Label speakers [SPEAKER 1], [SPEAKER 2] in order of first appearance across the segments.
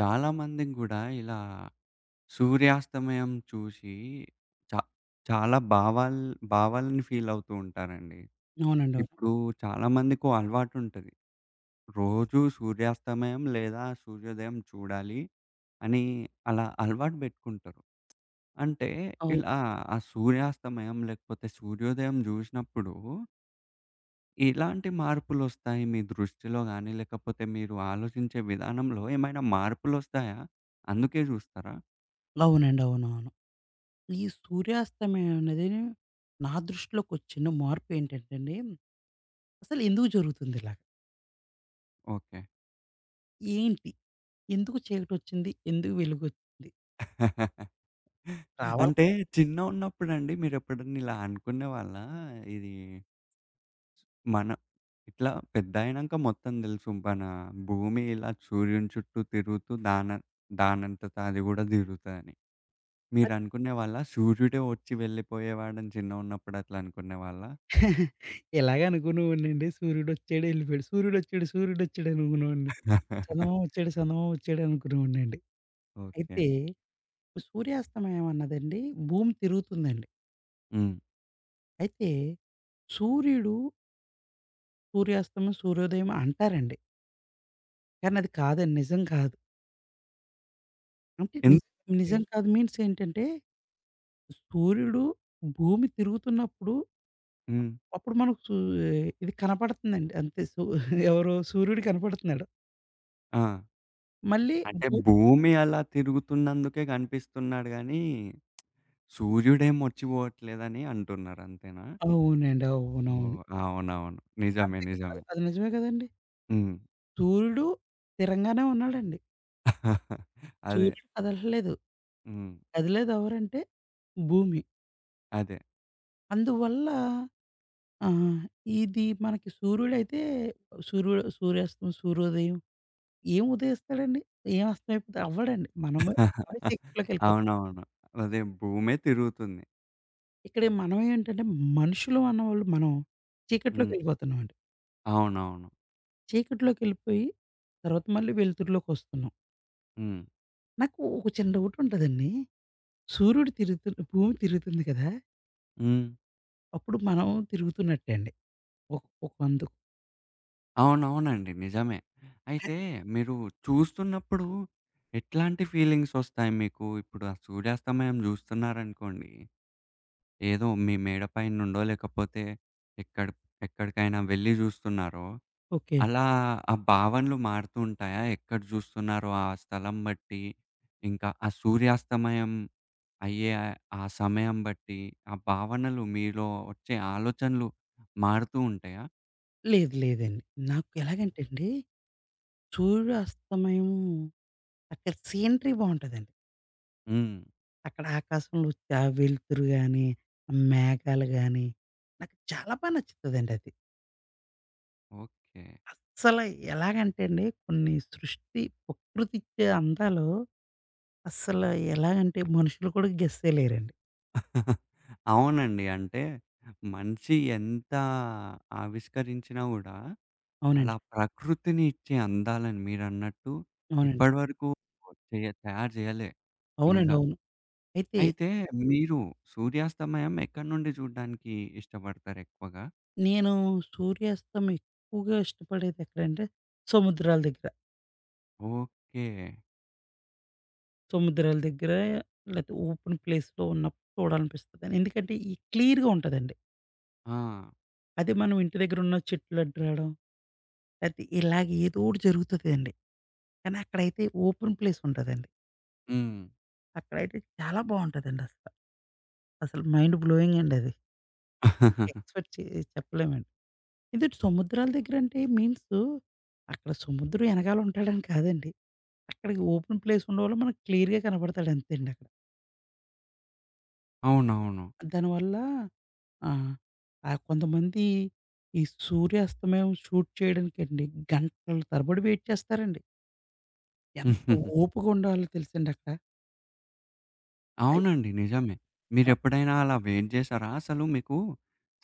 [SPEAKER 1] చాలామందిని గూడా ఇలా సూర్యాస్తమయం చూసి చా చాలా భావాల్ భావాల్ని ఫీలవుతూ ఉంటారండి.
[SPEAKER 2] అవునండి. అవును.
[SPEAKER 1] ఇప్పుడు చాలామందికో అలవాటుంటది. రోజూ సూర్యాస్తమయం లేదా సూర్యోదయం చూడాలి అని అలా అలవాటు బెట్టుకుంటారు. అంటే
[SPEAKER 2] అవును.
[SPEAKER 1] ఇలా ఆ సూర్యాస్తమయం లేకపోతే సూర్యోదయం జూశినప్పుడు ఇలాంటి మార్పులొస్తాయి మీ దృష్టిలో గాని లేకపోతే మీరు ఆలోచించే విధానంలో ఏమైనా మార్పులొస్తాయా? అందుకే జూస్తారా?
[SPEAKER 2] అవునండి. అవునవును. ఈ సూర్యాస్తమయనేది నా దృష్టిలోకొచ్చిన మార్పు ఏంటంటేండి, అసలెందుకు జరుగుతుందిలా?
[SPEAKER 1] ఓకే.
[SPEAKER 2] ఏంటి? ఎందుకు చీకటొచ్చింది? ఎందుకు వెలుగొచ్చిద్ది? రావాలి
[SPEAKER 1] అంటే
[SPEAKER 2] క
[SPEAKER 1] చిన్న ఉన్నప్పుడండి మీరెప్పుడన్నా ఇలా అనుకున్నే వాళ్ళా ఇది మన ఇట్లా పెద్దయినంక మొత్తం దెలుసు బన భూమి ఇలా సూర్యుని చుట్టూ తిరుగుతూ దాన దానంతట అది గూడా దిరుగుతదని.
[SPEAKER 2] అది
[SPEAKER 1] మీరనుకునే వాళ్ళ సూర్యుడే ఒచ్చి వెళ్ళిపోయేవాడని చిన్నగున్నప్పుడు అట్లా అనుకున్నే వాళ్ళా?
[SPEAKER 2] ఇలాగే అనుకునేవాడినండి సూర్యుడొచ్చాడు ఎళ్ళిపోయాడు. సూర్యుడొచ్చాడు, సూర్యుడొచ్చాడనుకునేవోడిని. చందమామొచ్చాడు, సందమామొచ్చాడు అనుకునేవోడినండి.
[SPEAKER 1] ఓకే.
[SPEAKER 2] అయితే సూర్యాస్తమయం అన్నదండి భూమి తిరుగుతుందండి.
[SPEAKER 1] హ్మ్.
[SPEAKER 2] అయితే సూర్యుడు సూర్యాస్తమం, సూర్యోదయం అంటారండి. కానీ అది కాదండి. నిజం కాదు. అంటే నిజ
[SPEAKER 1] ఎందుకండి?
[SPEAKER 2] నిజం కాదు మీన్స్ ఏంటంటే, స్ సూర్యుడు భూమి తిరుగుతున్నప్పుడు,
[SPEAKER 1] హ్మ్.
[SPEAKER 2] అప్పుడు మనకు ఆహ్, ఇది కనపడుతుందండి అంతే సు ఎవరు, సూర్యుడు కనపడుతున్నాడు.
[SPEAKER 1] ఆ!
[SPEAKER 2] మళ్ళీ
[SPEAKER 1] అంటే
[SPEAKER 2] భూ
[SPEAKER 1] భూమి అలా తిరుగుతున్నందుకే గనిపిస్తున్నాడు గాని, సూర్యుడేమొచ్చిపోవట్లేదని అంటున్నారంతేనా?
[SPEAKER 2] అవునండి. అవునవును.
[SPEAKER 1] ఓహ్! అవునవును. నిజమే
[SPEAKER 2] అంతేకదా, అ
[SPEAKER 1] నిజమే.
[SPEAKER 2] అది నిజమే కదండీ!
[SPEAKER 1] హ్మ్.
[SPEAKER 2] సూర్యుడు స్థిరంగానే ఉన్నాడండి.
[SPEAKER 1] అదే.
[SPEAKER 2] సూర్యుడు కదలట్లేదు.
[SPEAKER 1] హ్మ్.
[SPEAKER 2] కదిలేది ఎవరంటే, భూమి.
[SPEAKER 1] అదే.
[SPEAKER 2] అందువల్ల ఆహ్, ఇది మనకి సూర్యుడైతే, సూర్యు సూర్యాస్తమం, సూర్యోదయం ఏం ఉదయిస్తాడండి ఏం అస్తమై అవ్వడండి. మనమే. మనమే చీకట్లోకేళ్ళిపోతాం.
[SPEAKER 1] అవునవును. అదే భూమే తిరుగుతుంది.
[SPEAKER 2] ఇక్కడే మనమేంటంటే, మనుషులమన్నవోళ్ళు మనం
[SPEAKER 1] హ్మ్.
[SPEAKER 2] చీకట్లోకెళ్ళిపోతున్నామండి.
[SPEAKER 1] అవునవును.
[SPEAKER 2] చీకట్లోకెళ్ళిపోయి, తర్వాత మళ్ళీ వెలుతురులోకొస్తున్నాం.
[SPEAKER 1] హ్మ్.
[SPEAKER 2] నాకు ఒక చిన్న డౌటుంటదండి, సూర్యుడు తిరుగుతు భూమి తిరుగుతుంది కదా...
[SPEAKER 1] హ్మ్.
[SPEAKER 2] అప్పుడు మనం తిరుగుతున్నట్టే అండి. ఒక్ ఒకందుక్
[SPEAKER 1] అవునవునండి. నిజమే.
[SPEAKER 2] పే
[SPEAKER 1] అయితే, మీరు చూస్తున్నప్పుడు, ఎట్లాంటి ఫీలింగ్సొస్తాయి మీకు? ఇప్పుడు ఆ సూర్యాస్తమయం జూస్తున్నారనుకోండి, ఏదో మీ మేడ పైన్నుండో, లేకపోతే ఎక్కడ ఎక్కడికైనా వెళ్లి జూస్తున్నారో
[SPEAKER 2] ఓకే.
[SPEAKER 1] అలా ఆ భావనలు మారుతుంటాయా? ఎక్కడ జూస్తున్నారో ఆ స్థలం బట్టి, ఇంకా ఆ సూర్యాస్తమయం అయ్యే ఆ సమయం బట్టి, ఆ భావనలు మీలో ఒచ్చే ఆలోచనలు మారుతువుంటాయా?
[SPEAKER 2] లేదు లేదండి. నాకు
[SPEAKER 1] హ్మ్.
[SPEAKER 2] ఎలాగంటే అండి, సూర్యుడు అస్తమయం, అక్కడ సీనరీ బావుంటదండి.
[SPEAKER 1] హ్మ్.
[SPEAKER 2] అక్కడ ఆకాశంలొచ్చే ఆ వెలుతురు గాని, మేఘాలు గాని, నాకు చాలా బాగా నచ్చుతదండది.
[SPEAKER 1] ఓకే.
[SPEAKER 2] అస్సల ఎలాగంటే అండి, కొన్ని సృష్టి ప్రకృతిచ్చే అందాలు, అస్సలు ఎలాగంటే, మనుషులు కూడా గెస్ చే‌య‌లేరండి.
[SPEAKER 1] అవునండి. అంటే, మనిషి ఎంత ఆవిష్కరించినా గూడా, అలా
[SPEAKER 2] అవునండి.
[SPEAKER 1] ప్రకృతిని ఇచ్చే, అందాలని మీరన్నట్టు
[SPEAKER 2] అవునండి.
[SPEAKER 1] ఇప్పడి వరకు ఒ తే తయారు జేయాలే ఇంకా.
[SPEAKER 2] అవునండవును. అయితే
[SPEAKER 1] అయితే మీరు సూర్యాస్తమయం ఎక్కడి‌నుండి జూడ్డానికి ఇష్టపడతారేక్కువగా?
[SPEAKER 2] నేను సూర్యాస్తమం ఎక్కువగా ఇష్టపడేదేక్కడంటే, సముద్రాల దగ్గర.
[SPEAKER 1] ఓకే.
[SPEAKER 2] సముద్రాల దగ్గర లేతే, ఓపెన్ ప్లేస్‌లో ఉన్నప్పుడు చూడాలనిపిస్తది. ఎందుకంటే, ఈ క్లియర్‌గా ఉంటదండి.
[SPEAKER 1] ఆ!
[SPEAKER 2] అదే మనం ఇంటి దగ్గరున్న చెట్లు అడ్డు రాడం. లెతే ఇలాగ ఏదోకటి జరుగుతుందండి. కానీ అక్కడైతే ఓపెన్ ప్లేసుంటదండి.
[SPEAKER 1] హ్మ్.
[SPEAKER 2] అక్కడైతే చాలా బావుంటదండసల. అసలు మైండ్ బ్లోయింగండది. ఇంకా ఎక్స్‌పెక్ట్ చే చెప్పలేమండి. ఇది సముద్రాల దగ్గర అంటే మీన్సు, అక్కడ సముద్రం ఏనకాలుంటాడని కాదండి. అక్కడికి ఓపెన్ ప్లేస్ ఉండంవాళ్ళ మనకు క్లియర్‌గా కనపడతాడంతేండక్కడ.
[SPEAKER 1] అవునవును.
[SPEAKER 2] దానివల్ల ఆహ్, ఆ కొంతమంది ఈ సూర్యాస్తమయం షూట్ చేయడనికండి, గంటల తరబడి వెయిట్ చేస్తారండి. ఎంత ఓపుగుండాలో తెలుసండక్కడ? అయ్
[SPEAKER 1] అవునండి నిజమే.
[SPEAKER 2] అ
[SPEAKER 1] మీరెప్పుడైనా అలా వెయిట్ జేసారా? అసలు మీకు,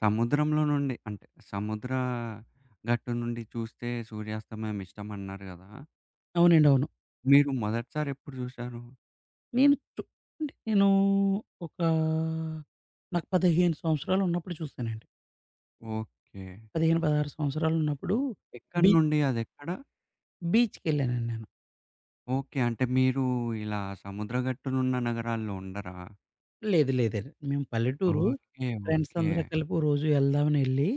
[SPEAKER 1] సముద్రంలో నుండి, అంటే సముద్ర గట్టు నుండి చూస్తే సూర్యాస్తమయం ఇష్టమన్నారు గదా!
[SPEAKER 2] అవునండి. అవును.
[SPEAKER 1] మీరు మొదటిసారి ఎప్పుడు జూసారు?
[SPEAKER 2] నేను చూడ నేనూ, ఒకా నాకు 15 సంవత్సరాలున్నప్పుడు చూసానండి.
[SPEAKER 1] ఓకే.
[SPEAKER 2] 15, 16 సంవత్సరాలున్నప్పుడు
[SPEAKER 1] ఎక్కడి
[SPEAKER 2] బీ
[SPEAKER 1] నుండి అదెక్కడ?
[SPEAKER 2] బీచ్‌కెళ్ళానండి నేను.
[SPEAKER 1] ఓకే. అంటే మీరు ఇలా సముద్ర గట్టునున్న నగరాల్లో ఉండరా?
[SPEAKER 2] లేదు లేదండి. మేము పల్లెటూరు.
[SPEAKER 1] ఓకే. ఓకే.
[SPEAKER 2] ఫ్రెండ్సందరం కలిపి ఓ రోజు ఎళ్దామనెళ్ళి,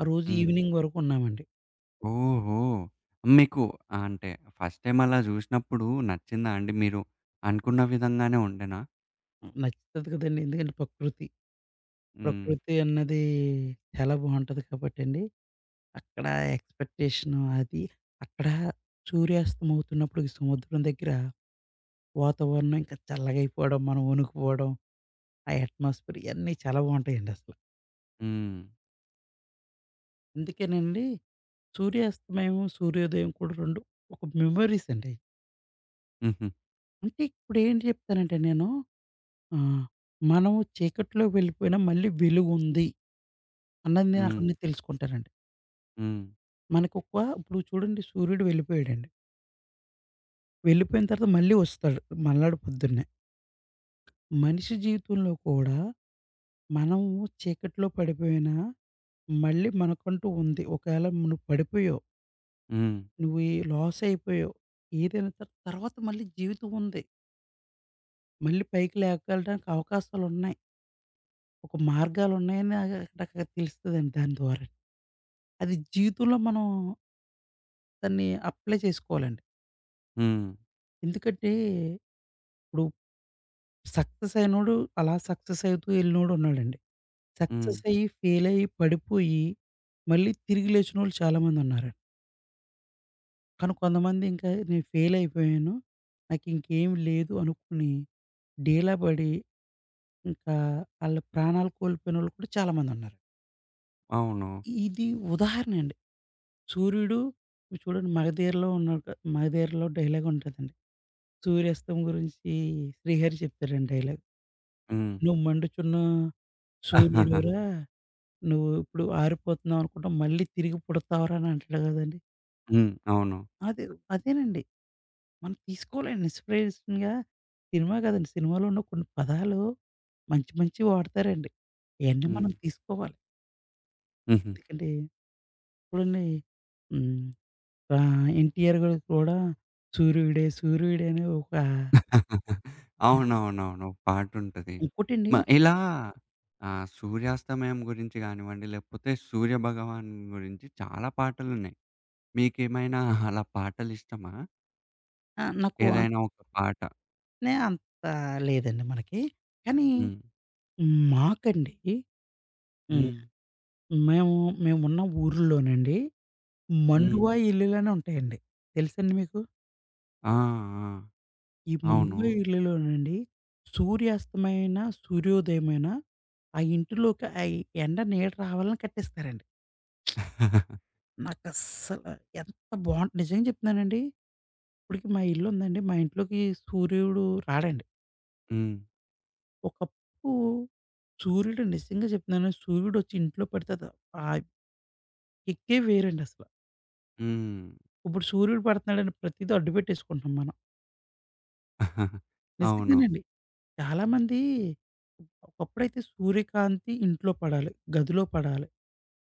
[SPEAKER 2] ఆ రోజు
[SPEAKER 1] హ్మ్.
[SPEAKER 2] ఈవినింగ్ వరకున్నామండి.
[SPEAKER 1] ఓహో! మీకు ఆహ్, అంటే, ఫస్ట్‌ టైమ్ అలా జూసినప్పుడు నచ్చిందా అండి? మీరు, అనుకున్న విధంగానే ఉండేనా?
[SPEAKER 2] హ్మ్. నచ్చుతది గదండి! ఎందుకంటే ప‌కృతి.
[SPEAKER 1] హ్మ్.
[SPEAKER 2] ప్రకృతి అన్నది చాలా బావుంటది కాబట్టండి. అక్కడ ఎక్స్‌పె‌క్టేషను అది, అక్కడ సూర్యాస్తమవుతున్నప్పుడు సముద్రం దెగ్గర వాతావరణం ఇంక చల్లగయిపోవడం, మనం ఒణుకుపోవడం. ఆ ఎట్మాస్ఫియర్ ఇయన్నీ చాలా బావుంటాయండసల.
[SPEAKER 1] హ్మ్.
[SPEAKER 2] అందుకేనండి సూర్యాస్తమయము, సూర్యోదయం కూడా 2 ఒక మెమోరీస్ అండీ.
[SPEAKER 1] హుహు.
[SPEAKER 2] అంటే ఇప్పుడేంటి చెప్తానంటే నేను, ఆహ్, మనము చీకట్లోకి వెళ్ళిపోయినా మళ్ళీ వెలుగుంది. అన్నది నేనక్కడి నుండి
[SPEAKER 1] హ్మ్.
[SPEAKER 2] తెలుసుకుంటానండి.
[SPEAKER 1] హ్మ్.
[SPEAKER 2] మనకు ఒక, ఇప్పుడు చూడండి సూర్యుడు వెళ్ళిపోయాడండి. వెళ్ళిపోయిన తర్వాత మళ్ళీ వస్తాడు. మర్నాడు పొద్దున్నే. మనిషి జీవితంలో కూడా, మనం చీకట్లో పడిపోయినా, మళ్ళీ మనకంటూ ఉంది. ఒకేల నువ్వు పడిపోయావు?
[SPEAKER 1] హ్మ్.
[SPEAKER 2] నువ్వు ఈ లాస్ అయిపోయావు. ఏదైనా త తర్వాత మళ్ళీ జీవితం ఉంది. మళ్ళీ పైకి లేపకెల్లటానికి అవకాశాలున్నాయి. ఒక మార్గాలు ఉన్నాయని ఆహ్, ఆహ్, అక్కడ తెలుస్తదంతే దాని ద్వారా. అది జీవితంలో మనం దాన్ని అప్లై చేసుకోవాలండి.
[SPEAKER 1] హ్మ్.
[SPEAKER 2] ఎందుకంటే. ఇప్పుడు సక్సెస్ అయినోడు అలా సక్సెస్ అయితూ ఎళ్ళినోడున్నాడండి.
[SPEAKER 1] హ్మ్.
[SPEAKER 2] సక్సెస్ అయ్యి, ఫెయిల్ అయ్యి, పడిపోయి. మళ్ళీ తిరిగి లేచినోళ్ళు చాలామంది ఉన్నారండి. కానీ కొందమంది ఇంకా నేను ఫెయిలయిపోయాను. నాకు ఇంకేమి లేదు అనుకుని, డీలా బడి, ఇంకా ఆళ్ళ ప్రాణాలు కోల్పోయినోళ్ళు కూడా చాలామందున్నారు.
[SPEAKER 1] అవును.
[SPEAKER 2] ఇది ఉదాహరణండి. సూర్యుడు, మీరు చూడండి 'మగధీర'లో ఉన్న 'మగధీర'లో డైలాగ్ ఉంటదండి. సూర్యాస్తం గురించి 'శ్రీహరి' చెప్తారండి డైలాగ్.
[SPEAKER 1] హ్మ్.
[SPEAKER 2] ''నువు మండుచున్న, సూర్యుడురా నువ్వు ఇప్పుడు ఆరిపోతున్నావనుకుంటున్నావు. మళ్ళీ తిరిగి పుడతావురా'' అనంటడు గదండీ.
[SPEAKER 1] హ్మ్. అవును.
[SPEAKER 2] అదేవ్ అదేనండి. మనం తీసుకోవాలండి ఇన్స్‌పిరేషన్‌గా. సినిమా గాదండి, సినిమాలో ఉన్న కొన్ని పదాలు. మంచి మంచివి వాడతారండి. ఇయన్నీ మనం
[SPEAKER 1] హ్మ్.
[SPEAKER 2] తీసుకోవాలి.
[SPEAKER 1] హుహు.
[SPEAKER 2] ఎందుకంటే ఇప్పుడున్నయి. హ్మ్. రా 'ఎన్టీఆర్' గారు కూడా సూరుడే సూరుడే అని ఒకా
[SPEAKER 1] అవునవునవును. ఒక పాటుంటది.
[SPEAKER 2] ఉంకోటండి
[SPEAKER 1] మా ఇలా ఆహ్, సూర్యాస్తమయం గురించి గానివ్వండి, లేకపోతే సూర్య భగవాన్ గురించి చాలా పాటలున్నయి. మీకేమైనా అలా పాటలిష్టమా?
[SPEAKER 2] ఆ! నాకు ఆహ్
[SPEAKER 1] ఏదైనా ఒక పాట.
[SPEAKER 2] నే అంత లేదండి మనకి. కానీ
[SPEAKER 1] హ్మ్.
[SPEAKER 2] మాకండికి హ్మ్.
[SPEAKER 1] హ్మ్.
[SPEAKER 2] మేము మేము ఉన్న ఊర్లోనండి
[SPEAKER 1] హ్మ్.
[SPEAKER 2] మండువా ఇల్లులనుంటాయండి. తెలుసండి మీకు?
[SPEAKER 1] ఆ! ఆ!
[SPEAKER 2] ఈ
[SPEAKER 1] అవును.
[SPEAKER 2] మండువా ఇళ్లలోనండి సూర్యాస్తమయమైన, సూర్యోదయమైన ఆ ఇంటిలోకి ఆ ఎండ నీడ రావాలని కట్టిస్తారండి. నాకస్సల ఎంత బా నిజంగా జెప్తున్నానండి, ఇప్పటికి మా ఇల్లు ఉందండి. మా ఇంట్లోకి సూర్యుడు రాడండి.
[SPEAKER 1] హ్మ్.
[SPEAKER 2] ఒకప్పుడు, సూర్యుడు నిజంగా జెప్తున్నాను, సూర్యుడొచ్చి ఇంట్లో పడతే, ఆ! కిక్కే వేరండసల.
[SPEAKER 1] హ్మ్.
[SPEAKER 2] ఇప్పుడు సూర్యుడు పడుతన్నాడని, ప్రతీది అడ్డుపెట్టేసుకుంటున్నాం మనం.
[SPEAKER 1] అవును.
[SPEAKER 2] నిజంగానండి. చాలామంది. ఒకప్పుడైతే సూర్యకాంతి ఇంట్లో పడాలి. గదిలో పడాలి.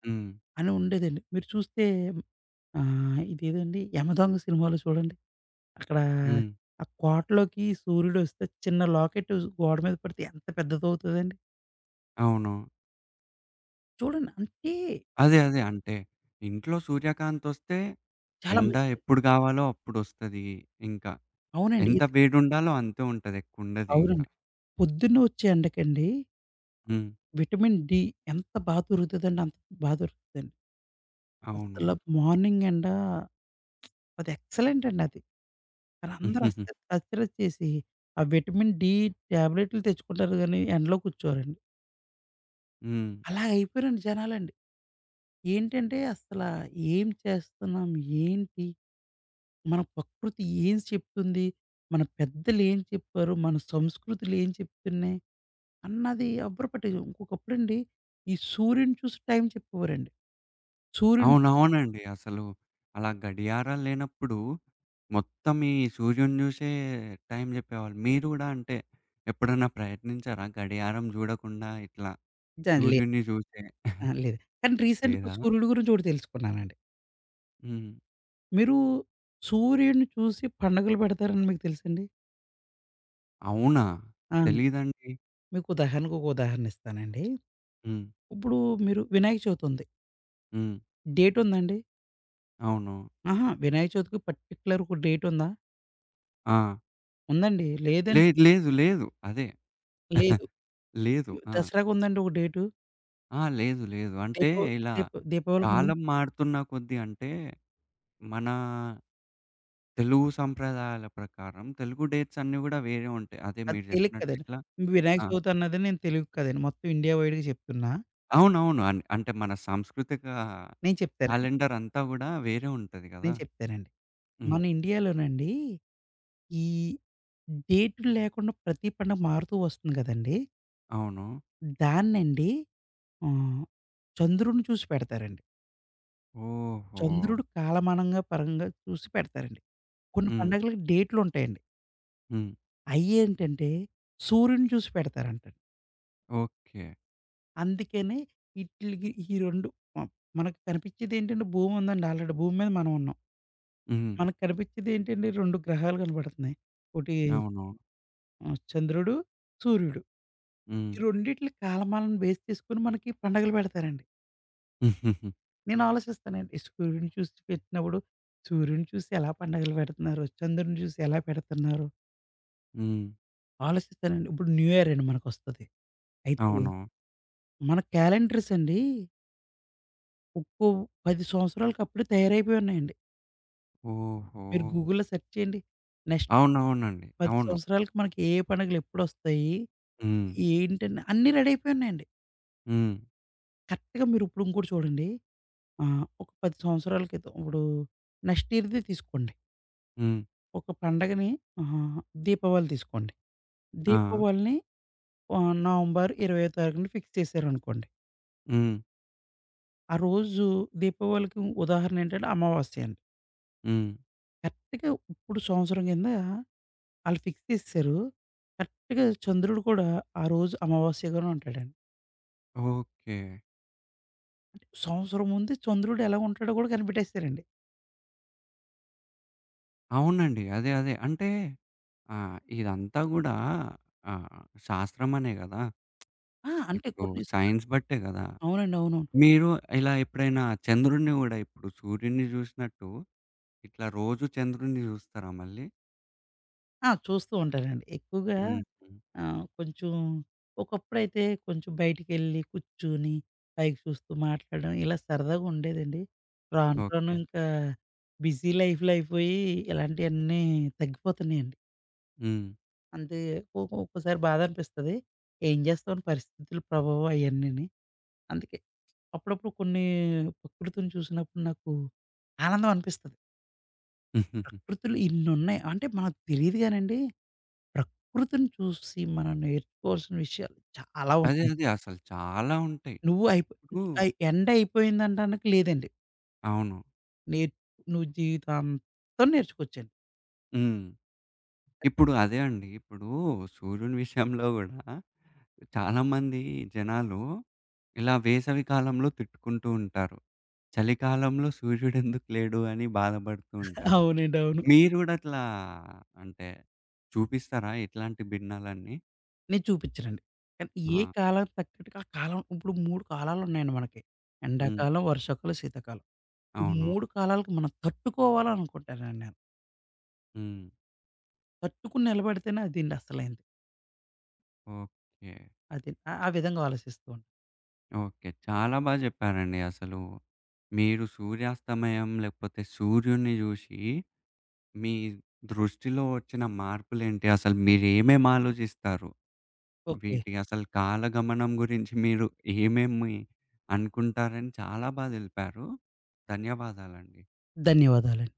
[SPEAKER 1] హ్మ్.
[SPEAKER 2] అనుండేదండి. మీరు చూస్తే, ఆహ్, ఇదేదండి 'యమదొంగ' సినిమాలో సూడండి, అక్కడ
[SPEAKER 1] హ్మ్.
[SPEAKER 2] ఆ కోటలోకి సూర్యుడొస్తే, చిన్న లాకెటు గోడ మీద పడితే ఎంత పెద్దదవుతుందండి.
[SPEAKER 1] అవును.
[SPEAKER 2] చూడండి. అంటే
[SPEAKER 1] అదే. అదే. అంటే ఇంట్లో సూర్యకాంతొస్తే,
[SPEAKER 2] చాలా
[SPEAKER 1] ఎండ
[SPEAKER 2] మంచిది.
[SPEAKER 1] ఎప్పుడు గావాలో అప్పుడోస్తది. ఇంకా
[SPEAKER 2] అవునండీ.
[SPEAKER 1] ఎంత వేడుండాలో అంతే ఉంటది ఎక్కువుండదు ఇంక.
[SPEAKER 2] అవునండి. పొద్దున్నే వచ్చే ఎండకండి...
[SPEAKER 1] హ్మ్.
[SPEAKER 2] విటమిన్ డి ఎంత బా దొరుకుతదంటే, అంత బా దొరుకుతుందండి. అసల
[SPEAKER 1] అవును.
[SPEAKER 2] మార్నింగెండా అదెక్సలెంటండి అది. అదందరూ అస్తర అశ్రద్ద చేసి, ఆ విటమిన్ డి ట్యాబ్లెట్లు తెచ్చుకుంటారు గానీ ఎండలో కూర్చోరండి.
[SPEAKER 1] హ్మ్.
[SPEAKER 2] అలా అయిపోయారండి జనాలండి. ఏంటంటే, అసల ఏం చేస్తన్నాం, ఏంటి, మన ప్రకృతి ఏం చెప్తుంది. మన పెద్దలేం చెప్పారు. మన సంస్కృతులేం చెప్తున్నాయి. అన్నది ఎవరు పట్టి ఒకప్పుడండి ఈ సూర్యుడిని చూసి టైం చెప్పేవారండి. సూర్యుని చూసి
[SPEAKER 1] అవునవునండి. అసలు అలా గడియారాల్లేనప్పుడు, మొత్తం ఈ సూర్యుడిని జూషే, టైం చెప్పేవాళ్ళు. మీరు గూడా అంటే, ఎప్పుడన్నా ప్రయత్నించారా గడియారం జూడకుండా ఇట్లా
[SPEAKER 2] జన్‌లే
[SPEAKER 1] సూర్యుడిని జూసే
[SPEAKER 2] అహా! లేదు. కానీ రీసెంట్‌గా
[SPEAKER 1] లేదా?
[SPEAKER 2] సూర్యుడు గురించి ఒకటి తెలుసుకున్నానండి.
[SPEAKER 1] హ్మ్.
[SPEAKER 2] మీరు సూర్యుడిని చూసి పండగలు పెడతారని మీకు తెలుసండి?
[SPEAKER 1] అవునా?
[SPEAKER 2] అవును.
[SPEAKER 1] తెలీదండి.
[SPEAKER 2] మీకు ఉదాహరణకి, ఒక ఉదాహరణిస్తానండి.
[SPEAKER 1] హ్మ్.
[SPEAKER 2] ఇప్పుడూ మీరు వినాయక చవితుంది.
[SPEAKER 1] హ్మ్.
[SPEAKER 2] డేటుందండి?
[SPEAKER 1] అవును.
[SPEAKER 2] అహా! వినాయక చవితికి పార్టిక్యులర్‌ ఒక డేటుందా?
[SPEAKER 1] ఆ!
[SPEAKER 2] ఉందండి. లేదన్
[SPEAKER 1] లేదు. లేదు. లేదు. అదే.
[SPEAKER 2] లేదు.
[SPEAKER 1] లేదు.
[SPEAKER 2] యూ
[SPEAKER 1] ఆ!
[SPEAKER 2] దసరాకుందండి ఒక డేటు?
[SPEAKER 1] ఆ! లేదు. లేదు. అంటే
[SPEAKER 2] దీపు
[SPEAKER 1] ఇలా,
[SPEAKER 2] దీప్ దీపావళికుందా?
[SPEAKER 1] కాలం మారుతున్న కొద్దీ అంటే, మనా తెలుగు సంప్రదాయాల ప్రకారం తెలుగు డేట్స్ అన్నీ గూడా వేరే ఉంటాయి. అదే
[SPEAKER 2] అది
[SPEAKER 1] మీరు
[SPEAKER 2] తెలుగు
[SPEAKER 1] జెప్పినట్టు
[SPEAKER 2] కదండి
[SPEAKER 1] ఇట్లా
[SPEAKER 2] వినాయక
[SPEAKER 1] ఆ!
[SPEAKER 2] చవితన్నది నేను తెలుగు కదండి మొత్తం ఇండియా వైడ్‌గా జెప్తున్నా.
[SPEAKER 1] అవునవును. అన్ అంటే మన సంస్కృతిక
[SPEAKER 2] నేను చెప్తానండి.
[SPEAKER 1] క్యాలెండరంతా గూడా వేరే ఉంటది గదా!
[SPEAKER 2] నేను చెప్తానండి.
[SPEAKER 1] హ్మ్.
[SPEAKER 2] మన ఇండియాలోనండీ, ఈ డేటులు లేకుండా ప్రతి పండుగ మారుతూ ఒస్తుంది గదండీ.
[SPEAKER 1] అవును.
[SPEAKER 2] హ్మ్. దాన్నండి హ్మ్, చంద్రున్ని చూసి పెడతారండి.
[SPEAKER 1] ఓహో!
[SPEAKER 2] చంద్రుడు పేలమానంగా పరంగా చూసి పెడతారండి. కొన్ని
[SPEAKER 1] హ్మ్.
[SPEAKER 2] పండగలకి డేటులుంటాయండి.
[SPEAKER 1] హ్మ్.
[SPEAKER 2] అయ్యేంటంటే సూర్యుడిని చూసి పెడతారంట.
[SPEAKER 1] ఓకే.
[SPEAKER 2] అందుకనే, ఇట్లికి ఈ రెండు మ మనకు కనిపిచ్చేదేంటండి, భూముందండి ఆల్రెడీ భూమి మీద మనవున్నాం.
[SPEAKER 1] హ్మ్.
[SPEAKER 2] మనకు కనిపిచ్చేదేంటండి, 2 గ్రహాలు గనబడతన్నయి. ఒటీ,
[SPEAKER 1] అవును.
[SPEAKER 2] ఆ చంద్రుడు, సూర్యుడు.
[SPEAKER 1] హ్మ్.
[SPEAKER 2] ఈ రెండిట్లి కాలమాలను బేస్ చేసుకొని, మనకి పండగలు బెడతారండి. నేను ఆలోచిస్తానండి. ఈ సూర్యుడిని చూసి పెట్టినప్పుడు, సూర్యుడిని చూసి ఎలా పండగలు బెడతన్నారో, చంద్రుడిని చూసి ఎలా పెడతన్నారో...
[SPEAKER 1] హ్మ్.
[SPEAKER 2] ఆలోసిస్తానండి. ఇప్పుడు న్యూయరండి మనకొస్తది. అయితే,
[SPEAKER 1] అవును.
[SPEAKER 2] మన క్యాలెండర్స్ అండీ... ఉప్పు 10 సంవత్సరాలకి అప్పుడే తయారైపోయున్నయండి. మీరు
[SPEAKER 1] ఓహో!
[SPEAKER 2] గూగుల్‌లో సెర్చ్ చేయండి, నెక్స్ట్
[SPEAKER 1] అవునవునండి.
[SPEAKER 2] 10
[SPEAKER 1] అవును.
[SPEAKER 2] సంవత్సరాలకి మనకి ఏ, ఏ పండగలు ఎప్పుడొస్తయి,
[SPEAKER 1] హ్మ్.
[SPEAKER 2] ఏంటన్నా, అన్నీ రెడీ అయిపోయున్నయండి.
[SPEAKER 1] హ్మ్.
[SPEAKER 2] కరెక్ట్‌గా మీరు ఇప్పుడు ఇంకోటి చూడండి. ఆహ్, ఒక 10 సంవత్సరాల క్రితం ఇప్పుడు నెక్స్ట్ ఇయర్‌ది తీసుకోండి.
[SPEAKER 1] హ్మ్.
[SPEAKER 2] ఒక పండగని ఆహ్, దీపావళి దీసుకోండి.
[SPEAKER 1] ఆ!
[SPEAKER 2] దీపావళిని ఆహ్, నవంబర్ ఇరవయో తారీఖున ఫిక్స్ చేశారనుకోండి.
[SPEAKER 1] హ్మ్.
[SPEAKER 2] ఆ రోజు దీపావళికి ఉదాహరణ ఏంటంటే, అమావాస్య అండి.
[SPEAKER 1] హ్మ్.
[SPEAKER 2] కరెక్ట్‌గా ఇప్పుడు సంవత్సరం కింద, ఆళ్ళు ఫిక్స్ చేసేసారు. కరెక్ట్‌గా ఈ చంద్రుడు కూడా, ఆ రోజు అమావాస్యగానే ఉంటాడండి.
[SPEAKER 1] ఓకే.
[SPEAKER 2] అంటే, సంవత్సరం ముందు చంద్రుడు ఎలా ఉంటాడో గూడా కనిపెట్టేసారండి.
[SPEAKER 1] అవునండి. అదే, అదే. అంటే ఆహ్, ఇదంతా కూడా ఆహ్, శాస్త్రమేనే కదా!
[SPEAKER 2] ఆ! అంటే
[SPEAKER 1] ఇప్పుడు
[SPEAKER 2] కొన్ని సార్లు
[SPEAKER 1] సైన్స్ బట్టే కదా!
[SPEAKER 2] అవునండి. అవునవును.
[SPEAKER 1] మీరు ఇలా ఎప్పుడైనా చంద్రుడిని కూడా, ఇప్పుడు సూర్యుడిని చూసినట్టు ఇట్లా రోజు చంద్రుడిని చూస్తారా మళ్ళీ?
[SPEAKER 2] ఆ! చూస్తూ ఉంటానండి. ఎక్కువగా
[SPEAKER 1] హుహు.
[SPEAKER 2] ఆహ్, కొంచెం ఒకప్పుడైతే కొంచెం బయటికెళ్లి, కూర్చొని పైకి జూస్తూ మాట్లాడడం ఇలా సరదాగుండేదండి. రాను, రాను
[SPEAKER 1] ఓకే.
[SPEAKER 2] ఇంకా బిజీ లైఫ్‌లైయిపోయి ఇలాంటియన్నీ తగ్గిపోతున్నాయండి.
[SPEAKER 1] హ్మ్.
[SPEAKER 2] అంతే కోపం ఒక్కోసారి బాధనిపిస్తది. ఏం జేస్తాం, పరిస్థితుల ప్రభావం అయన్నీని. అందుకే అప్పుడప్పుడు కొన్ని ప్రకృతిని చూసినప్పుడు నాకు ఆనందం అనిపిస్తది. ప్రకృతులు ఇన్నున్నాయి. అంటే మనకు తెలీదు గానండి, ప్రకృతిని చూసి మనం నేర్చుకోవాల్సిన విషయాలు చాలా
[SPEAKER 1] అదే.
[SPEAKER 2] ఉన్నాయి.
[SPEAKER 1] అదే. అసలు చాలా ఉంటాయి.
[SPEAKER 2] నువ్వు అయిపో
[SPEAKER 1] ఇప్పుడు
[SPEAKER 2] ని అయి ఎండ్ అయిపోయింది అనడానికి లేదండి.
[SPEAKER 1] అవును.
[SPEAKER 2] నే నువ్వు జీవితాంతం నేర్చుకోవచ్చండి.
[SPEAKER 1] హ్మ్. ఇప్పుడు అదే అండి. ఇప్పుడు సూర్యుని విషయంలో గూడా, చాలామంది జనాలు ఇలా వేసవి కాలంలో తిట్టుకుంటూ ఉంటారు. చలికాలంలో సూర్యుడు ఎందుకు లేడు, అని బాధబడుతూ ఉంటారు.
[SPEAKER 2] అవునండి. అవును.
[SPEAKER 1] మీరు గూడా అట్లా అంటే, చూపిస్తారా ఇట్లాంటి భిన్నాలన్నీ?
[SPEAKER 2] నేను చూపిచ్చనండి. కానీ, ఏ
[SPEAKER 1] ఆ!
[SPEAKER 2] కాలానికి తగ్గట్టుగా ఆ కాలం, ఇప్పుడు 3 కాలాలున్నాయండి మనకి.
[SPEAKER 1] హ్మ్.
[SPEAKER 2] ఎండాకాలం, వర్షాకాలం, శీతాకాలం. ఈ
[SPEAKER 1] అవును.
[SPEAKER 2] 3 కాలాలకు మనం తట్టుకోవాలనుకుంటానండి నేను.
[SPEAKER 1] హ్మ్.
[SPEAKER 2] తట్టుకుని నిలబడితేనే అది అండి అసలైంది.
[SPEAKER 1] ఓకే.
[SPEAKER 2] అది. ఆ విధంగా ఆలోచిస్తామండి.
[SPEAKER 1] ఓకే. చాలా బా జెప్పారండి అసలు. మీరు సూర్యాస్తమయం లేకపోతే సూర్యుని జూశి, మీ దృష్టిలో ఒచ్చిన మార్పులేంటి, అసలు మీరేమేం ఆలోజిస్తారు.
[SPEAKER 2] ఓకే.
[SPEAKER 1] వీటి అసలు కాలగమనం గురించి మీరు ఏమేమి అనుకుంటారని చాలా బాగా తెలిపారు. ధన్యవాదాలండి.
[SPEAKER 2] ధన్యవాదాలండి.